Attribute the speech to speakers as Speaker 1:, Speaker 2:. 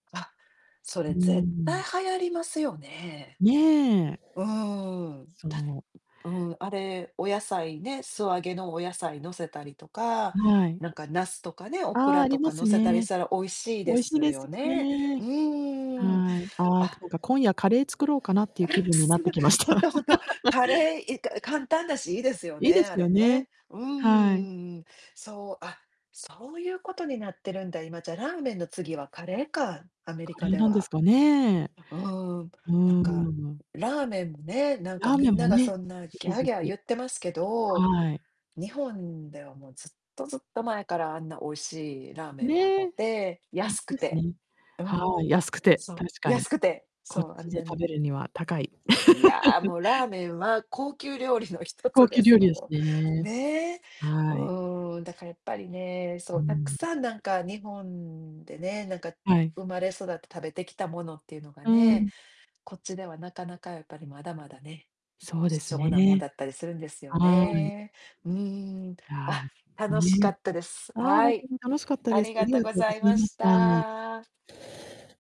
Speaker 1: あ、そ
Speaker 2: うー
Speaker 1: れ、絶対
Speaker 2: ん。
Speaker 1: 流行りますよね。
Speaker 2: ねえ。
Speaker 1: うーん、たん、
Speaker 2: そう。
Speaker 1: うん、あれ、お野菜ね、素揚げのお野菜のせたりとか、
Speaker 2: はい。
Speaker 1: なんか茄子とかね、オク
Speaker 2: ああ、
Speaker 1: ラ
Speaker 2: あ
Speaker 1: と
Speaker 2: りま
Speaker 1: か乗
Speaker 2: す
Speaker 1: せたりし
Speaker 2: ね。
Speaker 1: たら美味しい
Speaker 2: 美
Speaker 1: で
Speaker 2: 味しい
Speaker 1: す
Speaker 2: です
Speaker 1: よ
Speaker 2: よ
Speaker 1: ね。う
Speaker 2: ね。
Speaker 1: ーん。
Speaker 2: はい。ああ、
Speaker 1: あ
Speaker 2: なんか今夜カレー作ろうかなってい
Speaker 1: あ
Speaker 2: う
Speaker 1: ら、
Speaker 2: 気分になっ
Speaker 1: す
Speaker 2: て
Speaker 1: ご
Speaker 2: きまし
Speaker 1: ほ
Speaker 2: た。
Speaker 1: んとほんと。カ レー、いか簡単だし、いいですよ
Speaker 2: いい
Speaker 1: ね、
Speaker 2: です
Speaker 1: あ
Speaker 2: よ
Speaker 1: れ
Speaker 2: ね。
Speaker 1: ね。う
Speaker 2: はい。
Speaker 1: ーん、そう、あ、そうゆうことになってるんだ、今。じゃ、ラーメンの次はカレーか。アメリ
Speaker 2: カレ
Speaker 1: カ
Speaker 2: ー
Speaker 1: で
Speaker 2: なんです
Speaker 1: は。
Speaker 2: かね。
Speaker 1: あ、うーん。
Speaker 2: うー
Speaker 1: なんか、
Speaker 2: ん。
Speaker 1: ラーメンね、なん
Speaker 2: ラ
Speaker 1: か、
Speaker 2: ー
Speaker 1: み
Speaker 2: メン
Speaker 1: ん
Speaker 2: も
Speaker 1: なが
Speaker 2: ね、
Speaker 1: そんな、ギ
Speaker 2: 一
Speaker 1: ャー、
Speaker 2: 時
Speaker 1: ギャー
Speaker 2: 期。
Speaker 1: 言ってますけど、
Speaker 2: はい。
Speaker 1: 日本では、もう、ずっとずっと前からあんな美味しいラーメンはあっ
Speaker 2: ねえ。
Speaker 1: て、
Speaker 2: ほんと
Speaker 1: 安く
Speaker 2: です
Speaker 1: て、
Speaker 2: ね。
Speaker 1: う
Speaker 2: は
Speaker 1: ん。
Speaker 2: い、安くて、
Speaker 1: そ、
Speaker 2: 確
Speaker 1: ん、
Speaker 2: かに。
Speaker 1: 安くて、
Speaker 2: こ
Speaker 1: そ
Speaker 2: っ
Speaker 1: う、あ
Speaker 2: ち
Speaker 1: ん
Speaker 2: で
Speaker 1: な
Speaker 2: 食
Speaker 1: に。
Speaker 2: べるには高い。
Speaker 1: いやあ、もう、ラー メンは高級料理の一つ
Speaker 2: 高
Speaker 1: で
Speaker 2: 級
Speaker 1: す
Speaker 2: 料
Speaker 1: よ、
Speaker 2: 理です
Speaker 1: もう。
Speaker 2: ね。
Speaker 1: ね。う
Speaker 2: はい。
Speaker 1: ーん、だかやっぱりね、そ
Speaker 2: うー
Speaker 1: う、たく
Speaker 2: ん。
Speaker 1: さん、なんか、日本でね、なんか、
Speaker 2: はい。
Speaker 1: 生まれ育って食べてきたものっていうのが
Speaker 2: うー
Speaker 1: ね、
Speaker 2: ん。
Speaker 1: こっちでは、なかなか、やっぱり、まだまだね、
Speaker 2: そうで
Speaker 1: 貴
Speaker 2: す
Speaker 1: 重なもん
Speaker 2: ね。
Speaker 1: だったりするんですよ
Speaker 2: はい。
Speaker 1: ね。うーん。
Speaker 2: あ
Speaker 1: あ、
Speaker 2: あ、
Speaker 1: 楽しか
Speaker 2: ね。
Speaker 1: ったです。
Speaker 2: ああ、ほ
Speaker 1: は
Speaker 2: んと
Speaker 1: い。
Speaker 2: に楽しかった
Speaker 1: あ
Speaker 2: です。
Speaker 1: り
Speaker 2: あ
Speaker 1: が
Speaker 2: り
Speaker 1: と
Speaker 2: がと
Speaker 1: ご
Speaker 2: う
Speaker 1: ざ
Speaker 2: ご
Speaker 1: い
Speaker 2: ざい
Speaker 1: ま
Speaker 2: ま
Speaker 1: し
Speaker 2: した。
Speaker 1: た。